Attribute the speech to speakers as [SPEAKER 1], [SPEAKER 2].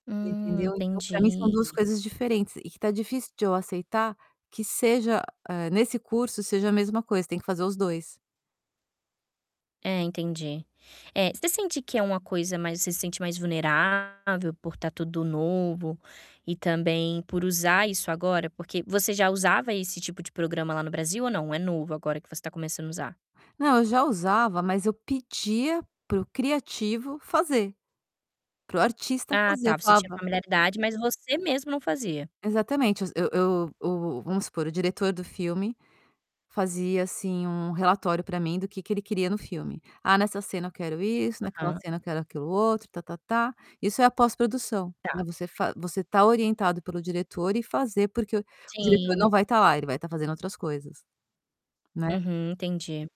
[SPEAKER 1] Você
[SPEAKER 2] Hum,
[SPEAKER 1] entendeu? Então para mim são 2
[SPEAKER 2] entendi.
[SPEAKER 1] coisas diferentes e que tá difícil de eu aceitar que seja hã, nesse curso seja a mesma coisa, tem que fazer os 2.
[SPEAKER 2] É, entendi. É, você sente que é uma coisa mais você se sente mais vulnerável por tá tudo novo e também por usar isso agora? Porque você já usava esse tipo de programa lá no Brasil ou não? É novo, agora que você tá começando a usar?
[SPEAKER 1] Não, eu já usava, mas eu pedia para o criativo fazer, para o artista
[SPEAKER 2] Ah,
[SPEAKER 1] fazer. Eu
[SPEAKER 2] tá, você tinha
[SPEAKER 1] falava
[SPEAKER 2] familiaridade, mas você mesmo não fazia.
[SPEAKER 1] Exatamente, eu eu o vamos supor, o diretor do filme fazia, assim, um relatório para mim do que que ele queria no filme. "Ah, nessa cena eu quero isso, naquela
[SPEAKER 2] Hã.
[SPEAKER 1] cena eu quero aquilo outro, tá-tá-tá". Isso é a pós-produção, né.
[SPEAKER 2] Tá.
[SPEAKER 1] Você fa você tá orientado pelo diretor e fazer, porque o diretor
[SPEAKER 2] Sim.
[SPEAKER 1] não vai tá lá, ele vai tá fazendo outras coisas, né.
[SPEAKER 2] Uhum, entendi.